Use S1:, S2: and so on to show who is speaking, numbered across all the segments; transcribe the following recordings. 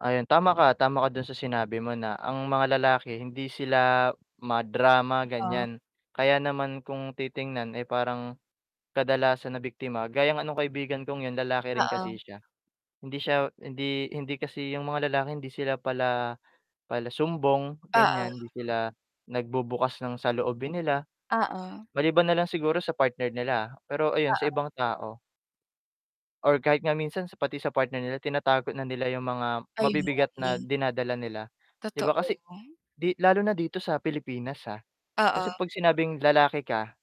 S1: Ayon, tama ka tama ka do'n sa sinabi mo na ang mga lalaki hindi sila madrama
S2: Oo.
S1: ganyan, kaya naman kung titingnan ay parang kadalasan na biktima gaya nga no'ng kaibigan kong 'yon lalaki rin kasi
S2: Oo.
S1: siya hindi siya hindi hindi kasi 'yon mga lalaki hindi sila pala pala sumbong
S2: Oo.
S1: ganyan, hindi sila nagbubukas ng saloobin nila,
S2: Oo.
S1: maliban na lang siguro sa partner nila, pero ayon sa
S2: Oo.
S1: ibang tao, or kahit nga minsan pati sa partner nila tinatago na nila 'yong mga
S2: Ayon nga
S1: mabibigat na
S2: eh.
S1: dinadala nila 'di ba
S2: Totoo.
S1: kasi 'di lalo na dito sa Pilipinas ah, kasi
S2: Oo.
S1: pag sinabing lalaki ka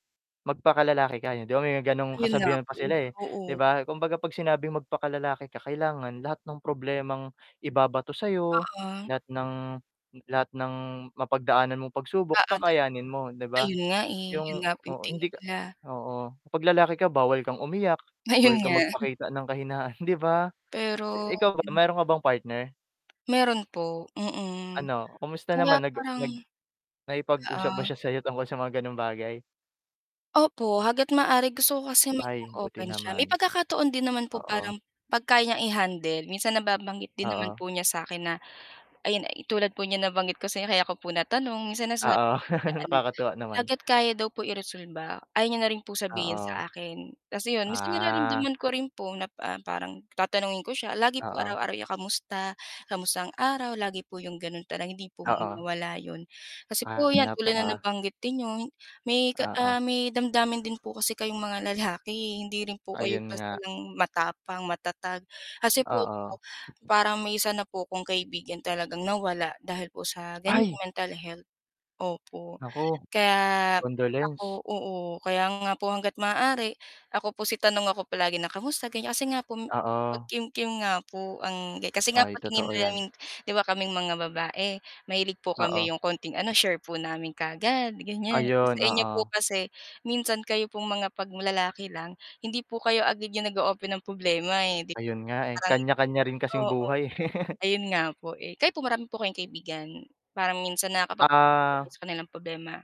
S1: magpaka lalaki ka, 'di ba may gano'ng
S2: Ayon nga
S1: kasabihan
S2: po
S1: pa
S2: eh,
S1: sila eh, 'di
S2: oo.
S1: ba kumbaga, pag sinabing magpaka lalaki ka kailangan lahat ng problemang ibabato sa'yo
S2: Oo.
S1: lahat ng lahat ng mapagdaanan mong pagsubok
S2: Oo do'n.
S1: kakayanin mo 'di ba?
S2: Ayon nga eh, 'yon
S1: 'yong
S2: nga
S1: oo,
S2: tingin
S1: hindi ka
S2: nila.
S1: oo pag lalaki ka bawal kang umiyak
S2: Ayon
S1: bawal kang
S2: nga.
S1: magpakita ng kahinaan 'di ba.
S2: Pero,
S1: Ikaw ba
S2: hmm.
S1: meron ka bang partner?
S2: Meron po mhm,
S1: Ano kamusta
S2: kaya
S1: naman nag
S2: parang
S1: nag nakipagusap ba
S2: Oo.
S1: s'ya sayo tungkol sa mga ganong bagay?
S2: Opo hangga't maaari gusto ko kasi maging
S1: Ay, buti
S2: open siya, may
S1: naman.
S2: pagkakataon din naman po
S1: Oo.
S2: parang pag kaya n'yang i-handle minsan nababanggit din naman
S1: Oo.
S2: po niya sa akin na ayon eh, tulad po n'yang nabanggit ko sa inyo kaya ko po natanong minsan na sinabi
S1: Oo
S2: niya po na ano
S1: nakakatuwa naman.
S2: hangga't kaya daw po i-resolba ayaw niya na rin po sabihin
S1: Oo.
S2: sa akin kasi 'yon minsan
S1: Ah.
S2: nararamdaman ko rin po na pa parang tatanungin ko siya, lagi po
S1: Oo.
S2: araw-araw niya kamusta kamusta ang araw lagi po 'yong gano'n tanong, hindi po
S1: Oo.
S2: mawala 'yon. Kasi po 'yan
S1: Hanap
S2: tulad na
S1: ako.
S2: nabanggit din n'yo, may ka
S1: Oo.
S2: ah, may damdamin din po kasi kayong mga lalaki hindi rin po kayo
S1: Ayon
S2: basta
S1: nga.
S2: lang matapang, matatag, kasi po
S1: Oo.
S2: po parang may isa na po 'kong kaibigan talagang nawala dahil po sa ganyang
S1: Ay!
S2: mental health opo
S1: Nako,
S2: kaya
S1: condolence.
S2: ako oo kaya nga po hangga't maaari ako po si tanong ako palagi na kamusta ganyan, kasi nga po
S1: Oo.
S2: mapagkimkim nga po ang kasi nga
S1: Ay
S2: po tingin
S1: totoo yan.
S2: nila 'di ba kaming mga babae mahilig po kami
S1: Oo.
S2: 'yong konting ano share po namin kaagad ganyan
S1: Ayon,
S2: sa inyo po
S1: oo.
S2: kasi minsan kayo pong mga 'pag lalaki lang hindi po kayo agad 'yong nag-o-open ng problema eh, 'di
S1: Ayon nga eh,
S2: parang
S1: kanya kanya rin kasing
S2: oo,
S1: buhay.
S2: ayon nga po eh, kayo po marami po kayong kaibigan? parang minsan nakakapag kwento ka
S1: Ah.
S2: sa kanilang problema?